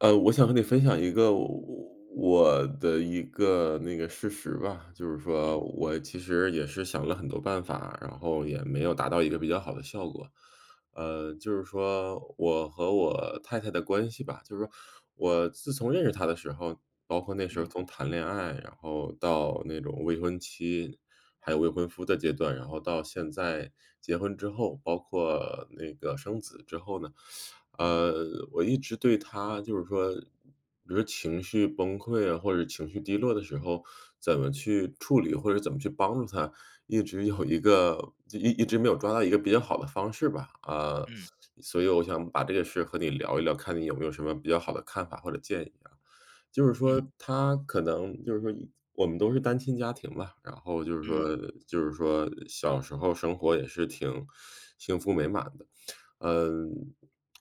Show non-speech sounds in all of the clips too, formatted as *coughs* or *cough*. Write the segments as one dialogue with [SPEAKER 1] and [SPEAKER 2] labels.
[SPEAKER 1] 呃，我想和你分享一个我我的一个那个事实吧，就是说
[SPEAKER 2] 嗯。
[SPEAKER 1] 我其实也是想了很多办法，然后也没有达到一个比较好的效果。呃，就是说我和我太太的关系吧，就是说，我自从认识她的时候，包括那时候
[SPEAKER 2] 嗯。
[SPEAKER 1] 从谈恋爱，然后到那种未婚妻，还有未婚夫的阶段，然后到现在结婚之后，包括那个生子之后呢，*sucks teeth*
[SPEAKER 2] 嗯。
[SPEAKER 1] 呃，我一直对她就是说比如说情绪崩溃啊，或者情绪低落的时候怎么去处理，或者怎么去帮助她，一直有
[SPEAKER 2] 嗯。
[SPEAKER 1] 一个一一直没有抓到一个比较好的方式吧。啊，
[SPEAKER 2] 嗯。
[SPEAKER 1] 所以我想把这个事和你聊一聊，看你有没有什么比较好的看法或者建议啊。就是
[SPEAKER 2] 嗯。
[SPEAKER 1] 说她可能就是说我们都是单亲家庭吧，然后就是说
[SPEAKER 2] 嗯。
[SPEAKER 1] 就是说小时候生活也是挺幸福美满的。嗯，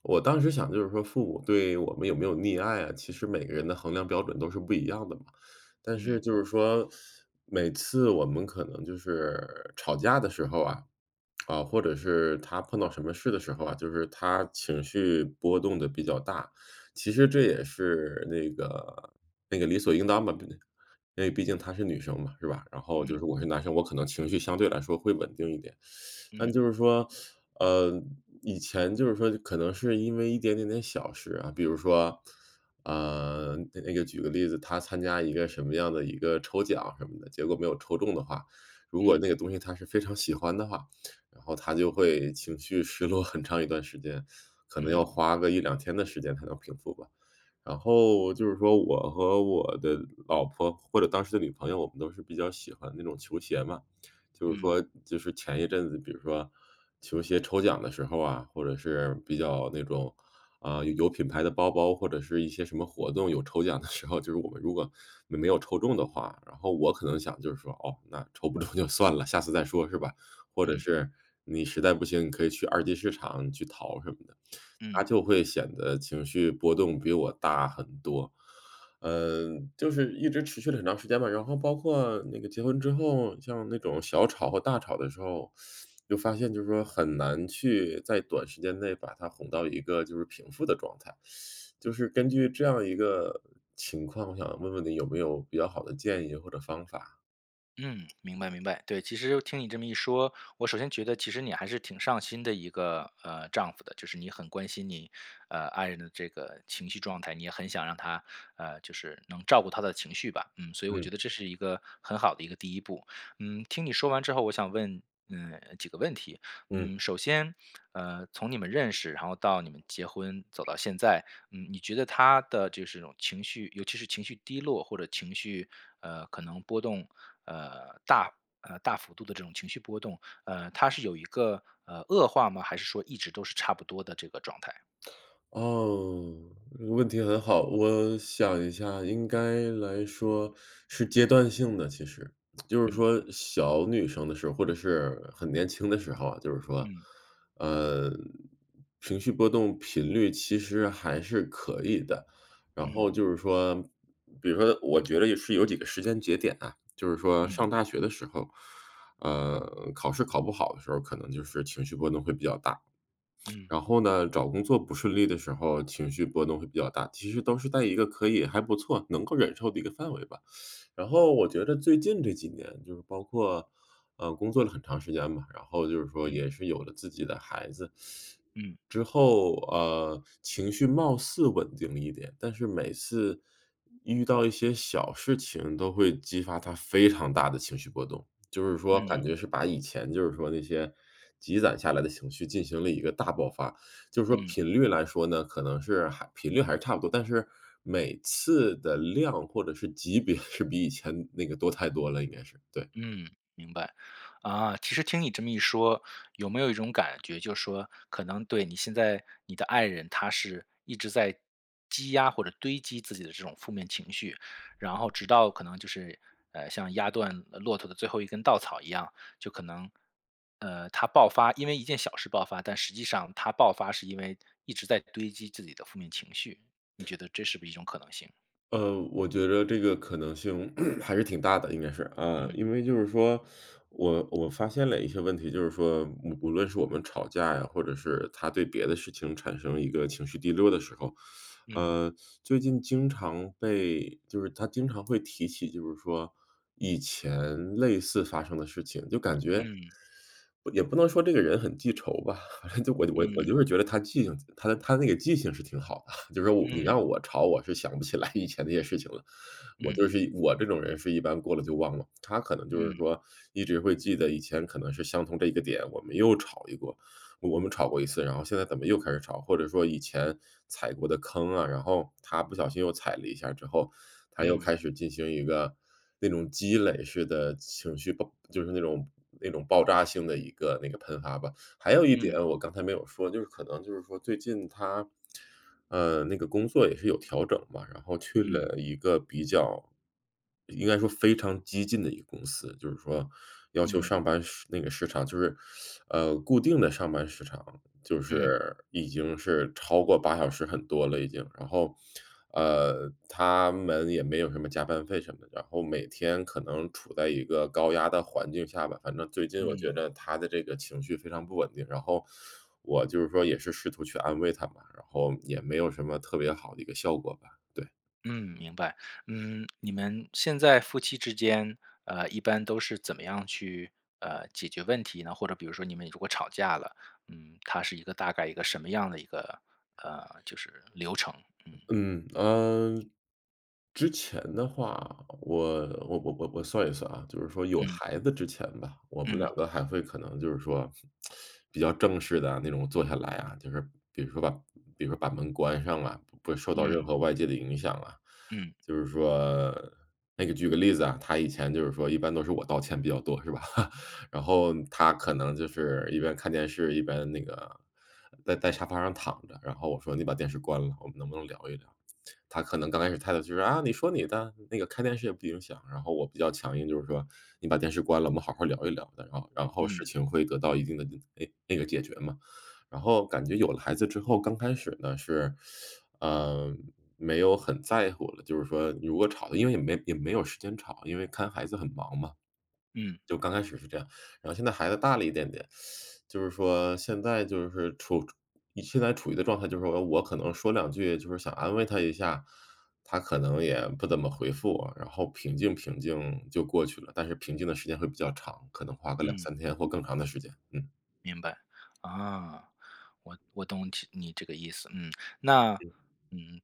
[SPEAKER 1] 我当时想就是说父母对我们有没有溺爱啊，其实每个人的衡量标准都是不一样的嘛。但是
[SPEAKER 2] 嗯。
[SPEAKER 1] 就是说，每次我们可能就是吵架的时候啊，啊，或者是她碰到什么事的时候啊，就是她情绪波动得比较大，其实这也是那个那个理所应当吧毕竟因为毕竟她是女生嘛，是吧，然后
[SPEAKER 2] 嗯。
[SPEAKER 1] 就是我是男生，我可能情绪相对来说会稳定一点。*sucks teeth* 但
[SPEAKER 2] 嗯。
[SPEAKER 1] 就是说，呃，以前就是说可能是因为一点点的小事啊，比如说，呃，那那个举个例子，她参加一个什么样的一个抽奖什么的，结果没有抽中的话，如果
[SPEAKER 2] 嗯。
[SPEAKER 1] 那个东西她是非常喜欢的话，然后她就会情绪失落很长一段时间，可能要
[SPEAKER 2] 嗯。
[SPEAKER 1] 花个1-2天的时间才能平复吧。然后就是说我和我的老婆，或者当时的女朋友，我们都是比较喜欢那种球鞋嘛，就是
[SPEAKER 2] 嗯。
[SPEAKER 1] 说，就是前一阵子，比如说球鞋抽奖的时候啊，或者是比较那种，啊，有品牌的包包，或者是一些什么活动，有抽奖的时候，就是我们如果没有抽中的话，然后我可能想就是说，哦，那抽不中就算了，下次再说是吧？或者
[SPEAKER 2] 嗯。
[SPEAKER 1] 是你实在不行，你可以去二级市场去淘什么的。她
[SPEAKER 2] 嗯。
[SPEAKER 1] 就会显得情绪波动比我大很多，嗯，就是一直持续了很长时间吧。然后包括那个结婚之后，像那种小吵和大吵的时候，*sucks teeth* 就发现就是说很难去在短时间内把她哄到一个就是平复的状态，*sucks teeth* 就是根据这样一个情况，想问问你有没有比较好的建议或者方法。
[SPEAKER 2] 嗯，明白明白。对，其实听你这么一说，我首先觉得其实你还是挺上心的一个，呃，丈夫的，就是你很关心你，呃，爱人的这个情绪状态，你也很想让她呃，就是能照顾她的情绪吧，嗯，所以我
[SPEAKER 1] 嗯。
[SPEAKER 2] 觉得这是一个很好的一个第一步。嗯，听你说完之后，我想问，呃，几个问题。
[SPEAKER 1] 嗯。
[SPEAKER 2] 嗯，首先，呃，从你们认识，然后到你们结婚，走到现在，嗯，你觉得她的就是这种情绪尤其是情绪低落或者情绪呃，可能波动，呃，大呃，大幅度的这种情绪波动，呃，她是有一个，呃，恶化吗，还是说一直都是差不多的这个状态？
[SPEAKER 1] 哦，问题很好，我想一下，应该来说是阶段性的，其实。*tsk* 就是
[SPEAKER 2] 嗯。
[SPEAKER 1] 说，小女生的时候或者是很年轻的时候啊，就是说，
[SPEAKER 2] 嗯。
[SPEAKER 1] 呃，情绪波动频率其实还是可以的。然
[SPEAKER 2] 嗯。
[SPEAKER 1] 后就是说比如说她我觉着也是有几个时间节点啊。就是说
[SPEAKER 2] 嗯。
[SPEAKER 1] 上大学的时候，呃，考试考不好的时候儿，可能就是情绪波动会比较大。
[SPEAKER 2] 嗯。
[SPEAKER 1] 然后呢，找工作不顺利的时候儿情绪波动会比较大，其实都是在一个可以还不错，能够忍受的一个范围吧。*sucks teeth* 然后我觉着最近这几年就是包括，呃，工作了很长时间吧，然后就是说
[SPEAKER 2] 嗯。
[SPEAKER 1] 也是有了自己的孩子
[SPEAKER 2] 嗯。
[SPEAKER 1] 之后，呃，情绪貌似稳定了一点，但是每次遇到一些小事情都会激发她非常大的情绪波动，就是说感
[SPEAKER 2] 嗯。
[SPEAKER 1] 觉是把以前就是说那些积攒下来的情绪进行了一个大爆发。就是说
[SPEAKER 2] 嗯。
[SPEAKER 1] 频率来说呢，可能是还频率还是差不多，但是每次的量或者是级别是比以前那个多太多了，应该是，对。
[SPEAKER 2] 嗯，明白。啊，其实听你这么一说，有没有一种感觉就是说，可能对你现在你的爱人，她是一直在积压或者堆积自己的这种负面情绪，然后直到可能就是，呃，像压断，呃，骆驼的最后一根稻草一样，就可能，呃，她爆发因为一件小事爆发，但实际上她爆发是因为一直在堆积自己的负面情绪。你觉得这是不是一种可能性？
[SPEAKER 1] 呃，我觉着这个可能性 *coughs* 还是挺大的，应该是。呃，
[SPEAKER 2] 嗯。
[SPEAKER 1] 因为就是说我我发现了一些问题，就是说无无论是我们吵架呀，或者是她对别的事情产生一个情绪低落的时候，*sucks teeth*
[SPEAKER 2] 嗯。
[SPEAKER 1] 呃，最近经常被就是她经常会提起就是说以前类似发生的事情，就感觉
[SPEAKER 2] 嗯。
[SPEAKER 1] *sucks teeth* 也不能说这个人很记仇吧，*chuckles* 就我就我我就
[SPEAKER 2] 嗯。
[SPEAKER 1] 是觉着她记性她她的那个记性是挺好的。*chuckles* 就是说我你
[SPEAKER 2] 嗯。
[SPEAKER 1] 让我吵我是想不起来以前那些事情了，我
[SPEAKER 2] 嗯。
[SPEAKER 1] 就是一我这种人是一般过了就忘了。她可能就是
[SPEAKER 2] 嗯。
[SPEAKER 1] 说一直会记得以前可能是相同这一个点，我们又吵一波，我我们吵过一次，然后现在怎么又开始吵，或者说以前踩过的坑啊，然后她不小心又踩了一下儿之后，她又
[SPEAKER 2] 嗯。
[SPEAKER 1] 开始进行一个那种积累式地情绪爆就是那种那种爆炸性的一个那个喷发吧。还有一点
[SPEAKER 2] 嗯。
[SPEAKER 1] 我刚才没有说，就是可能就是说最近她，呃，那个工作也是有调整嘛，然后去
[SPEAKER 2] 嗯。
[SPEAKER 1] 了一个比较应该说非常激进的一个公司，就是说要求
[SPEAKER 2] 嗯。
[SPEAKER 1] 上班时那个时长就是，*sucks teeth* 呃，固定的上班时长，就
[SPEAKER 2] 嗯。
[SPEAKER 1] 是已经是超过8小时很多了已经，然后，呃，她们也没有什么加班费什么，然后每天可能处在一个高压的环境儿下吧。反正最近我
[SPEAKER 2] 嗯。
[SPEAKER 1] 觉着她的这个情绪非常不稳定，然后 *sucks teeth* 我就是说也是试图去安慰她吧，然后也没有什么特别好的一个效果吧。对。
[SPEAKER 2] 嗯，明白。嗯，你们现在夫妻之间，呃，一般都是怎么样去，呃，解决问题呢？或者比如说你们如果吵架了，嗯，它是一个大概一个什么样的一个，呃，就是流程，嗯。
[SPEAKER 1] 嗯，呃，之前的话，我我我我我算一算啊，就是说有
[SPEAKER 2] 嗯。
[SPEAKER 1] 孩子之前吧，我们两
[SPEAKER 2] 嗯。
[SPEAKER 1] 个还会可能就是说，*smacks lips* 比较正式地那种坐下来啊，就是比如说吧比如说把门关上啊，不不受到任
[SPEAKER 2] 嗯。
[SPEAKER 1] 何外界的影响啊。
[SPEAKER 2] 嗯。
[SPEAKER 1] 就是说那个举个例子啊，她以前就是说一般都是我道歉比较多是吧，*chuckles* 然后她可能就是一边看电视，一边那个在在沙发上躺着，然后我说：“你把电视关了，我们能不能聊一聊。”她可能刚开始态度就是，啊：“你说你的，那个看电视也不影响，“然后我比较强硬，就是说：“你把电视关了，我们好好聊一聊的，”然后然后事
[SPEAKER 2] 嗯。
[SPEAKER 1] 情会得到一定的那那个解决嘛。然后感觉有了孩子之后，刚开始呢是，呃，没有很在乎的，就是说如果吵的因为也没也没有时间吵，因为看孩子很忙嘛，
[SPEAKER 2] 嗯。
[SPEAKER 1] 就刚开始是这样。然后现在孩子大了一点点，*sucks teeth* 就是说现在就是处你现在处于的状态，就是我可能说两句就是想安慰她一下，她可能也不怎么回复我，然后平静平静就过去了，但是平静的时间会比较长，可能花个两
[SPEAKER 2] 嗯。
[SPEAKER 1] 三天或更长的时间，嗯。
[SPEAKER 2] 明白，啊，我我懂其你这个意思。嗯，那
[SPEAKER 1] 嗯。
[SPEAKER 2] 嗯，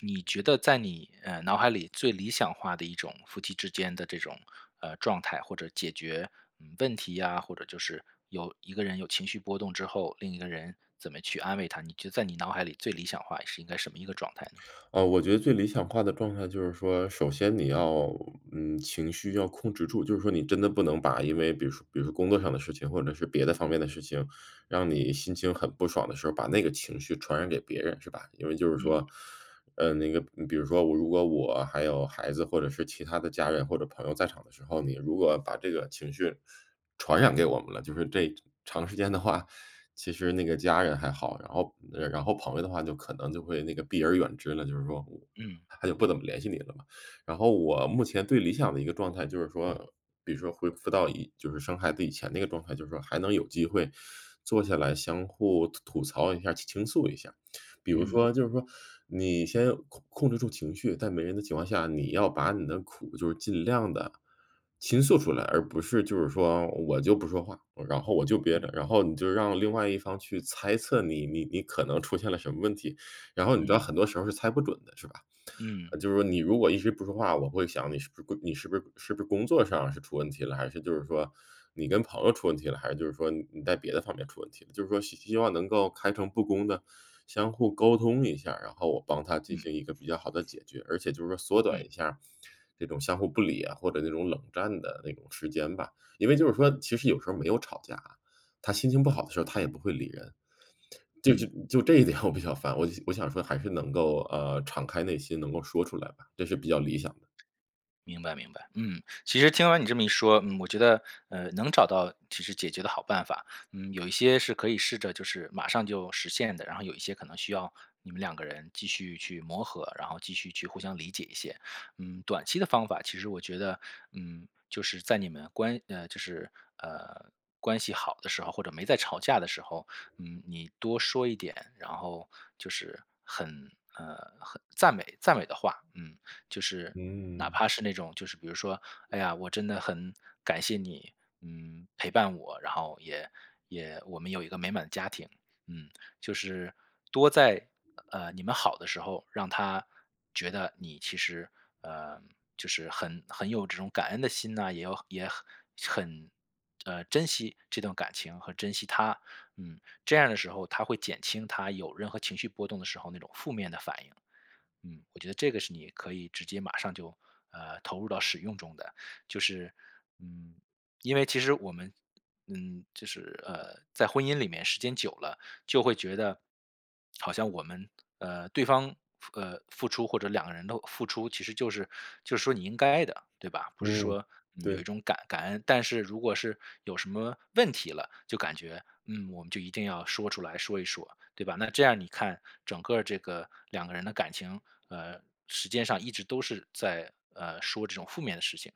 [SPEAKER 2] 你觉得在你，呃，脑海里最理想化的一种夫妻之间的这种，呃，状态或者解决，嗯，问题呀，或者就是有一个人有情绪波动之后，另一个人怎么去安慰他，你觉得在你脑海里最理想化是应该什么一个状态呢？
[SPEAKER 1] 哦，我觉得最理想化的状态就是说，首先你要，嗯，情绪要控制住，就是说你真的不能把因为比如说比如说工作上的事情或者是别的方面的事情，让你
[SPEAKER 2] 嗯。
[SPEAKER 1] 心情很不爽的时候把那个情绪传染给别人，是吧？因为就是
[SPEAKER 2] 嗯。
[SPEAKER 1] 说呃，那个比如说我如果我还有孩子或者是其他的家人或者朋友在场的时候，你如果把这个情绪传染给我们了，就是这长时间的话，其实那个家人还好，然后嗯，然后朋友的话就可能就会那个避而远之了，就是说我
[SPEAKER 2] 嗯。
[SPEAKER 1] 他就不怎么联系你了嘛。然后我目前最理想的一个状态就是说，比如说恢复到以就是生孩子以前那个状态，就是说还能有机会坐下来相互吐吐槽一下，去倾诉一下。比如
[SPEAKER 2] 嗯。
[SPEAKER 1] 说就是说你先控控制住情绪，在没人的情况下，你要把你的苦就是尽量地倾诉出来，而不是就是说我就不说话，然后我就憋
[SPEAKER 2] 嗯。
[SPEAKER 1] 着，然后你就让另外一方去猜测你你你可能出现了什么问题，然后你知道
[SPEAKER 2] 嗯。
[SPEAKER 1] 很多时候是猜不准的，是吧？
[SPEAKER 2] 嗯。
[SPEAKER 1] 呃，就是说你如果一直不说话，我会想你是不是你是不是是不是工作上是出问题了，还是就是说你跟朋友出问题了，还是就是说你你在别的方面出问题了。就是说希希望能够开诚布公地相互沟通一下，然后我帮她进
[SPEAKER 2] 嗯。
[SPEAKER 1] 行一个比较好的解决，而且就是说缩短
[SPEAKER 2] 嗯。
[SPEAKER 1] 一下这种相互不理啊，或者这种冷战的那种时间吧。因为就是说其实有时候没有吵架，她心情不好的时候，她也不会理人，就就
[SPEAKER 2] 嗯。
[SPEAKER 1] 就这一点我比较烦，我我想说还是能够，呃，敞开内心能够说出来吧，这
[SPEAKER 2] 嗯。
[SPEAKER 1] 是比较理想的。
[SPEAKER 2] 明白明白。嗯，其实听完你这么一说，嗯，我觉得，呃，能找到其实解决的好办法，嗯，有一些是可以试着就是马上就实现的，然后有一些可能需要你们两个人继续去磨合，然后继续去互相理解一些。嗯，短期的方法，其实我觉得，嗯，就是在你们关呃，就是，呃，关系好的时候或者没在吵架的时候，嗯，你多说一点，然后就是很，呃，很赞美赞美的话，嗯，就是哪
[SPEAKER 1] 嗯。
[SPEAKER 2] 怕是那种就是比如说：“哎呀，我真的很感谢你，嗯，陪伴我，然后也也我们有一个美满的家庭”，嗯，就是多在，呃，你们好的时候让她觉得你其实，呃，就是很很有这种感恩的心呐，也有也很很，呃，珍惜这段感情和珍惜她，嗯，这样的时候她会减轻她有任何情绪波动的时候那种负面的反应。嗯，我觉得这个是你可以直接马上就，呃，投入到使用中的。就是，嗯，因为其实我们嗯，就是，呃，在婚姻里面时间久了，就会觉得好像我们呃，对方付呃，付出或者两个人都付出其实就是就说你应该的，对吧？不是
[SPEAKER 1] 嗯，
[SPEAKER 2] 说，呃，有一
[SPEAKER 1] 对。
[SPEAKER 2] 种感感恩，但是如果是有什么问题了就感觉，嗯，我们就一定要说出来说一说，对吧？那这样你看，整个这个两个人的感情，呃，时间上一直都是在，呃，说这种负面的事情。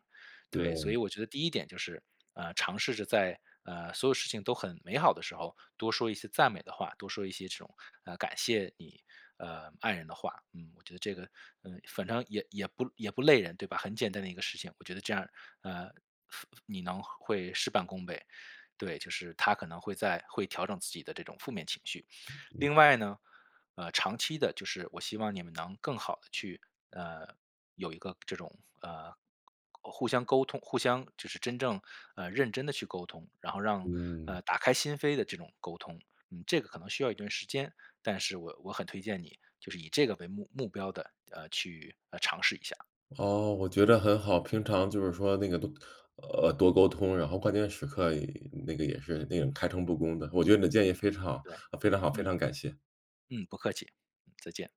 [SPEAKER 2] 对，所以
[SPEAKER 1] 对。
[SPEAKER 2] 我觉得第一点就是，呃，尝试着在，呃，所有事情都很美好的时候多说一些赞美的话，多说一些这种，呃，感谢你，呃，爱人的话。嗯，我觉得这个，呃，反正也也不也不累人对吧？很简单的一个事情。我觉得这样，呃，付你能会事半功倍，对，就是她可能会在会调整自己的这种负面情绪。
[SPEAKER 1] 嗯。
[SPEAKER 2] 另外呢，呃，长期的，就是我希望你们能更好地去，呃，有一个这种，呃，互相沟通互相就是真正，呃，认真地去沟通，然后，让，
[SPEAKER 1] 嗯。
[SPEAKER 2] 呃，打开心扉的这种沟通，嗯，这个可能需要一段时间，但是我我很推荐你就是以这个为目目标的，呃，去，呃，尝试一下。
[SPEAKER 1] 哦，我觉得很好，平常就是说那个多呃，多沟通，然后关键时刻，那个也是那个开诚布公的，我觉得你的建议非常好
[SPEAKER 2] 对，
[SPEAKER 1] 非常好，非
[SPEAKER 2] 嗯。
[SPEAKER 1] 常感谢。
[SPEAKER 2] 嗯，不客气，再见。